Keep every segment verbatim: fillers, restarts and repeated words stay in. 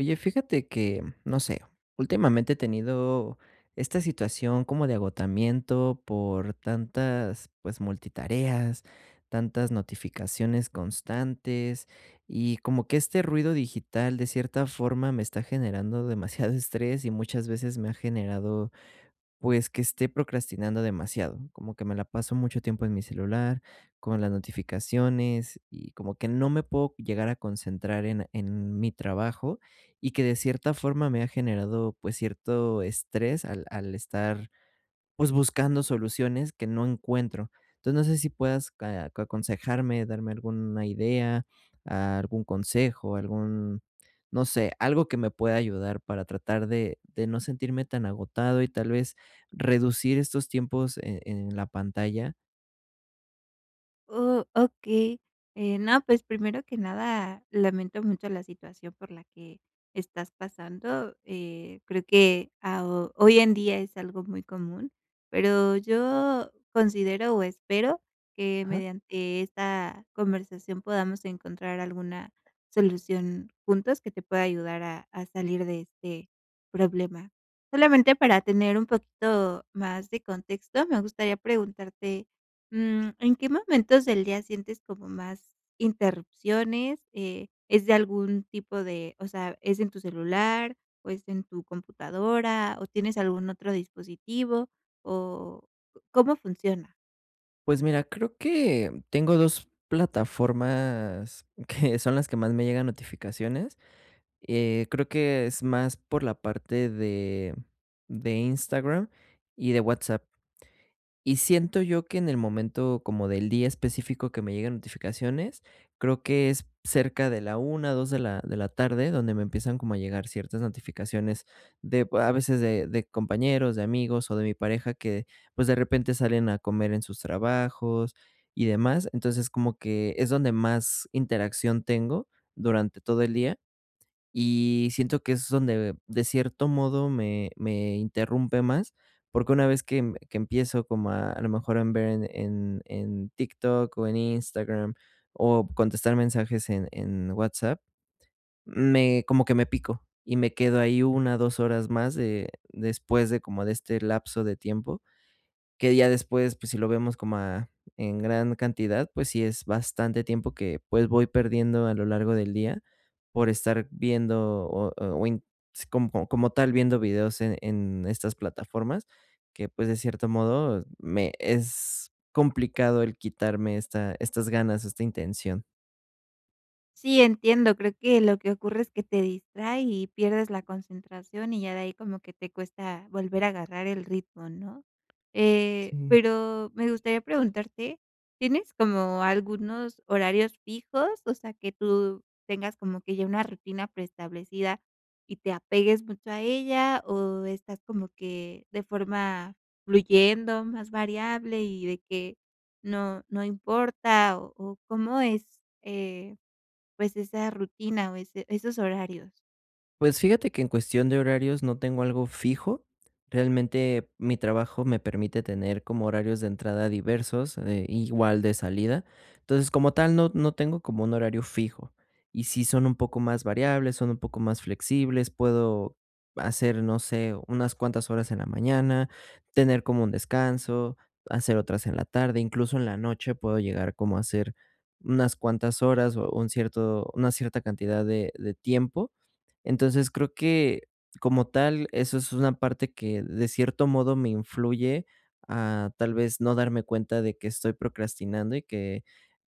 Oye, fíjate que, no sé, últimamente he tenido esta situación como de agotamiento por tantas, pues, multitareas, tantas notificaciones constantes. Y como que este ruido digital, de cierta forma, me está generando demasiado estrés, y muchas veces me ha generado, pues, que esté procrastinando demasiado, como que me la paso mucho tiempo en mi celular, con las notificaciones, y como que no me puedo llegar a concentrar en en mi trabajo. Y que de cierta forma me ha generado, pues, cierto estrés al al estar, pues, buscando soluciones que no encuentro. Entonces, no sé si puedas aconsejarme, darme alguna idea, algún consejo, algún, no sé, algo que me pueda ayudar para tratar de de no sentirme tan agotado y tal vez reducir estos tiempos en en la pantalla. Oh, okey. Eh, no, pues, primero que nada, lamento mucho la situación por la que estás pasando. Eh, creo que a o hoy en día es algo muy común, pero yo considero, o espero que Ajá. mediante esta conversación podamos encontrar alguna solución juntos que te pueda ayudar a a salir de este problema. Solamente para tener un poquito más de contexto, me gustaría preguntarte, mm, ¿en qué momentos del día sientes como más interrupciones, eh, es de algún tipo de o sea, es en tu celular, o es en tu computadora, o tienes algún otro dispositivo, o cómo funciona? Pues mira, creo que, tengo dos plataformas, que son las que más me llegan notificaciones, eh, creo que es más, por la parte de de Instagram y de WhatsApp. Y siento yo, que en el momento, como del día específico, que me llegan notificaciones, creo que es p cerca de la una, dos de la de la tarde, donde me empiezan como a llegar ciertas notificaciones, de b a veces de de compañeros, de amigos, o de mi pareja que pues, de repente salen a comer en sus trabajos, y demás, entonces, como que, es donde más interacción tengo durante todo el día, y siento que es donde, de cierto modo, me me interrumpe más, porque una vez que m que empiezo como a a lo mejor, en ver, en en en Tik Tok, o en Instagram, o p contestar mensajes en en WhatsApp, me como que me pico, y me quedo ahí, una o dos horas más de después de como de este lapso de tiempo. Que ya después, pues si lo vemos como a en gran cantidad, pues sí es bastante tiempo, que pues, voy perdiendo a lo largo del día, por estar viendo o o in co como tal, viendo videos e en en estas plataformas, que pues, de cierto modo, me es complicado, el quitarme esta estas ganas, esta intención. Sí, entiendo, creo que lo que ocurre es que te distrae y pierdes la concentración, y ya de ahí como que te cuesta volver a agarrar el ritmo, ¿no? Eh, Sí. pero me gustaría preguntarte, ¿tienes como algunos horarios fijos? O sea, que ¿tú tienes como que ya una rutina preestablecida y te apegues mucho a ella, o estás como que de forma fluyendo, más variable, y de que no no importa, o o cómo es, eh, pues, esa rutina o ese esos horarios? Pues fíjate que en cuestión de horarios no tengo algo fijo. Realmente, mi trabajo me permite tener como horarios de entrada diversos, eh, igual de salida. Entonces, como tal, no no tengo como un horario fijo, y sí son un poco más variables, son un poco más flexibles, puedo hacer, no sé, unas cuantas horas en la mañana, tener como un descanso, hacer otras en la tarde, incluso en la noche puedo llegar como a hacer unas cuantas horas o un cierto una cierta cantidad de de tiempo. Entonces, creo que, como tal, eso es una parte que de cierto modo me influye a tal vez no darme cuenta de que estoy procrastinando y que,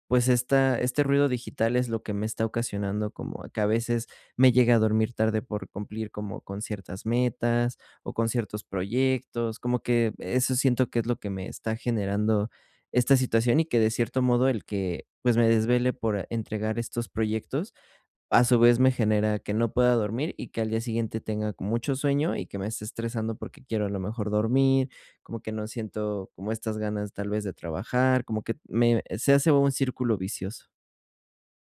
pues esta este ruido digital es lo que me está ocasionando como que a veces me llegue a dormir tarde por cumplir como con ciertas metas o con ciertos proyectos, como que eso siento que es lo que me está generando esta situación y que, de cierto modo, el que, pues, me desvele por entregar estos proyectos, a su vez, me genera que no pueda dormir y que al día siguiente tenga con mucho sueño y que me esté estresando porque quiero a lo mejor dormir, como que no siento como estas ganas tal vez de trabajar, como que me se hace un círculo vicioso.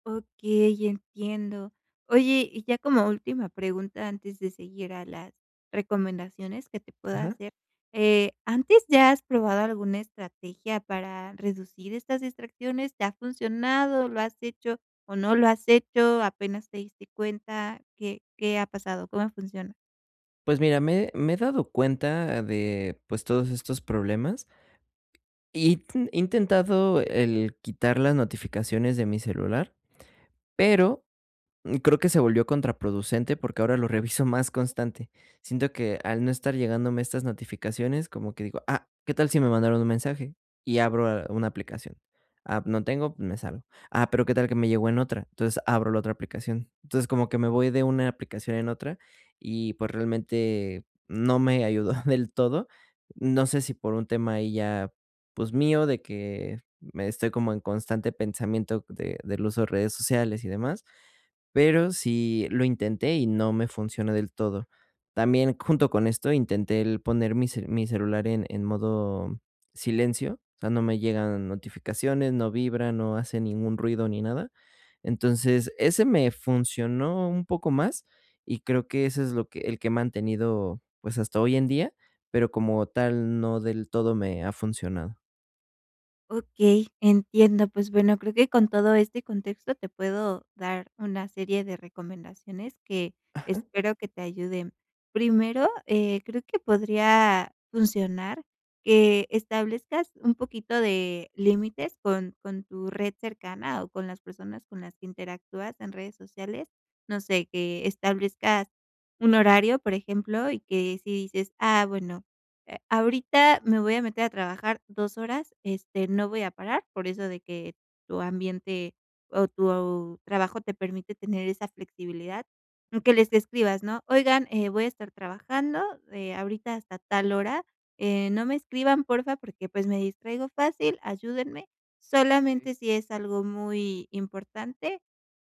Okey, entiendo. Oye, y ya como última pregunta, antes de seguir a las recomendaciones que te puedo Ajá. hacer, eh, ¿antes ya has probado alguna estrategia para reducir estas distracciones?, ¿te ha funcionado? ¿Lo has hecho o no la has hecho, apenas te diste cuenta, qué qué ha pasado, cómo funcionan? Pues mira, me me he dado cuenta de, pues, todos estos problemas. intentado el quitar las notificaciones de mi celular, pero creo que se volvió contraproducente porque ahora lo reviso más constante. Siento que al no estar llegándome estas notificaciones, como que digo: "Ah, ¿qué tal si me mandaron un mensaje?". Y abro, eh, una aplicación. Ah, no tengo, me salgo. Ah, pero ¿qué tal que me llegó en otra? Entonces, abro la otra aplicación. Entonces, como que me voy de una aplicación en otra y, pues, realmente no me ayudó del todo. No sé si por un tema ahí ya, pues mío, de que me estoy como en constante pensamiento de del uso de redes sociales y demás, pero sí lo intenté y no me funcionó del todo. También, junto con esto, intenté el poner mi ce mi celular en en modo silencio, o sea, no me llegan notificaciones, no vibra, no hace ningún ruido ni nada. Entonces, ese me funcionó un poco más y creo que ese es, lo que el que he mantenido, pues, hasta hoy en día, pero como tal no del todo me ha funcionado. Okey, entiendo, pues bueno, creo que con todo este contexto te puedo dar una serie de recomendaciones que Ajá. espero que te ayuden. Primero, eh, creo que podría funcionar que establezcas un poquito de límites con con tu red cercana o con las personas con las que interactúas en redes sociales. No sé, que establezcas un horario, por ejemplo, y que si dices: "Ah, bueno, eh, ahorita me voy a meter a trabajar dos horas, este, no voy a parar", por eso de que tu ambiente o tu trabajo te permite tener esa flexibilidad, que les escribas, ¿no? Oigan, eh, voy a estar trabajando, eh, ahorita hasta tal hora, eh, no me escriban, porfa, porque, pues, me distraigo fácil. Ayúdenme, Sí. solamente si es algo muy importante,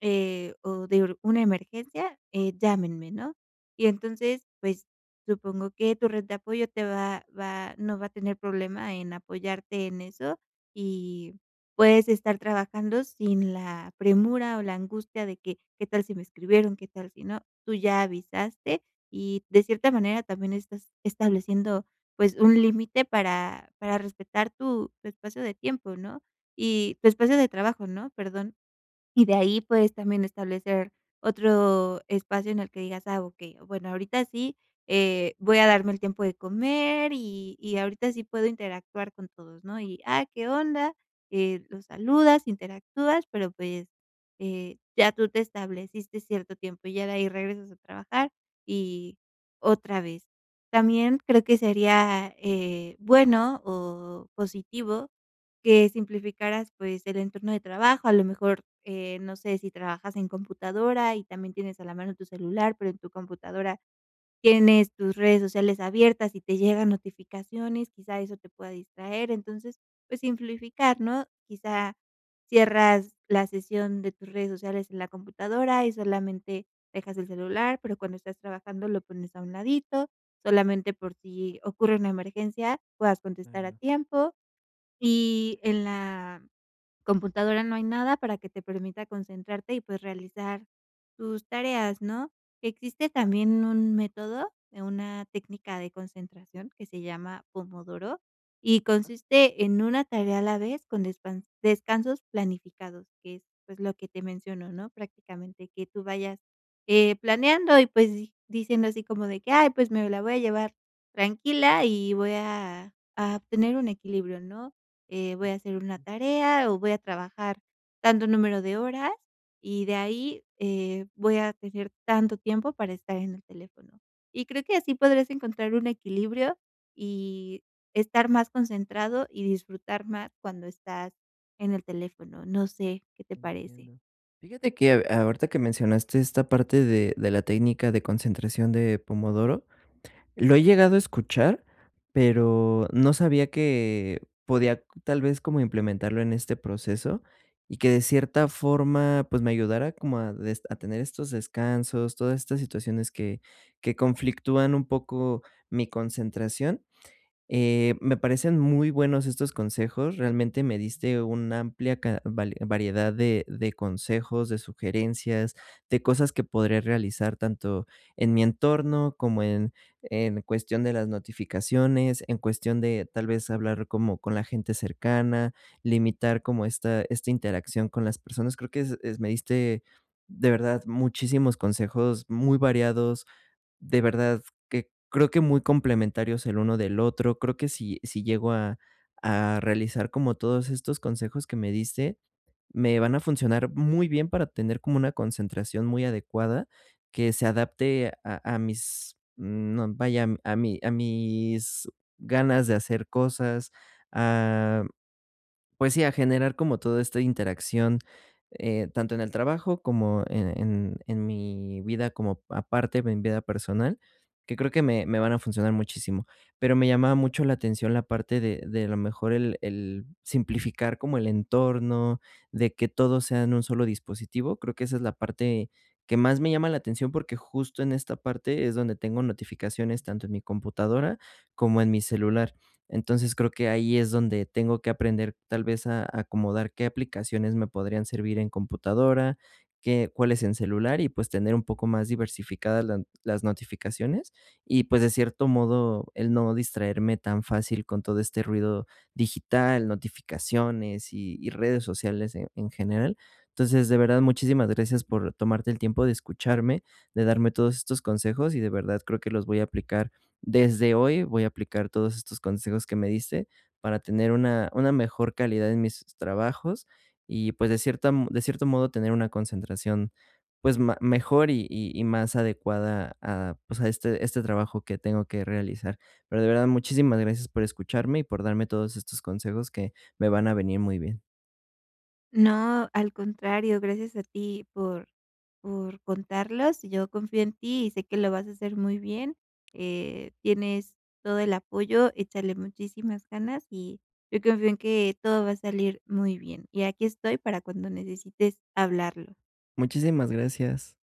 eh, o de una emergencia, eh, llámenme, ¿no? Y entonces, pues, supongo que tu red de apoyo te va va no va a tener problema en apoyarte en eso y puedes estar trabajando sin la premura o la angustia de que, ¿qué tal si me escribieron, qué tal si no? Tú ya avisaste y de cierta manera también estás estableciendo, pues, un límite para para respetar tu tu espacio de tiempo, ¿no? Y tu espacio de trabajo, ¿no? Perdón. Y de ahí, pues, también establecer otro espacio en el que digas: "Ah, ok, bueno, ahorita sí, eh, voy a darme el tiempo de comer, y y ahorita sí puedo interactuar con todos", ¿no? Y, ah, ¿qué onda? Eh, los saludas, interactúas, pero, pues, eh, ya tú te estableciste cierto tiempo, y ya de ahí regresas a trabajar, y otra vez. También creo que sería, eh, bueno o positivo que simplificaras, pues, el entorno de trabajo, a lo mejor, eh, no sé si trabajas en computadora y también tienes a la mano tu celular, pero en tu computadora tienes tus redes sociales abiertas y te llegan notificaciones, quizá eso te pueda distraer. Entonces, pues, simplificar, ¿no? Quizá cierras la sesión de tus redes sociales en la computadora y solamente dejas el celular, pero cuando estás trabajando, lo pones a un ladito, solamente por si ocurre una emergencia, puedas contestar a [unintelligible] tiempo, y en la computadora no hay nada para que te permita concentrarte y, pues, realizar tus tareas, ¿no? Existe también un método de una técnica de concentración que se llama pomodoro y consiste en una tarea a la vez con descan descansos planificados, que es, pues, lo que te menciono, ¿no? Prácticamente que tú vayas, eh, planeando y, pues, di diciendo así como de que: "Ay, pues, me la voy a llevar tranquila y voy a a obtener un equilibrio", ¿no?, "eh, voy a hacer una tarea o voy a trabajar tanto número de horas, y de ahí, eh, voy a tener tanto tiempo para estar en el teléfono". Y creo que así podrás encontrar un equilibrio, y estar más concentrado, y disfrutar más cuando estás en el teléfono, no sé, ¿qué te parece? Entiendo. Fíjate que aho ahorita que mencionaste esta parte de de la técnica de concentración de Pomodoro, lo he llegado a escuchar, pero no sabía que podía tal vez como implementarlo en este proceso y que de cierta forma, pues me ayudara como a des a tener estos descansos, todas estas situaciones que que conflictúan un poco mi concentración. Eh, me parecen muy buenos estos consejos, realmente me diste una amplia ca va variedad de de consejos, de sugerencias, de cosas que podré realizar tanto en mi entorno como en en cuestión de las notificaciones, en cuestión de tal vez hablar como con la gente cercana, limitar como esta esta interacción con las personas. Creo que es es me diste de verdad muchísimos consejos muy variados, de verdad que creo que muy complementarios el uno del otro. Creo que si si llego a a realizar como todos estos consejos que me diste, me van a funcionar muy bien para tener como una concentración muy adecuada que se adapte a a mis, no vaya, a mi a mis ganas de hacer cosas, ah, pues sí, a generar como todo esta interacción eh, tanto en el trabajo como en en en mi vida como aparte en mi vida personal, que creo que me me van a funcionar muchísimo. Pero me llamaba mucho la atención la parte de de a lo mejor el el simplificar como el entorno, de que todo sea en un solo dispositivo. Creo que esa es la parte que más me llama la atención, porque justo en esta parte es donde tengo notificaciones, tanto en mi computadora como en mi celular. Entonces creo que ahí es donde tengo que aprender tal vez a acomodar qué aplicaciones me podrían servir en computadora, qué, cuáles en celular, y, pues, tener un poco más diversificadas las las notificaciones y, pues, de cierto modo el no distraerme tan fácil con todo este ruido digital, notificaciones y y redes sociales en en general. Entonces, de verdad, muchísimas gracias por tomarte el tiempo de escucharme, de darme todos estos consejos y de verdad creo que los voy a aplicar desde hoy, voy a aplicar todos estos consejos que me diste para tener una una mejor calidad en mis trabajos y, pues, de cierta de cierto modo tener una concentración, pues ma mejor y y más adecuada a, pues, a este este trabajo que tengo que realizar. Pero de verdad, muchísimas gracias por escucharme y por darme todos estos consejos que me van a venir muy bien. No, al contrario, gracias a ti por por contarlos, yo confío en ti y sé que lo vas a hacer muy bien. Eh, tienes todo el apoyo, échale muchísimas ganas, y yo confío en que todo va a salir muy bien, y aquí estoy para cuando necesites hablarlo. Muchísimas gracias.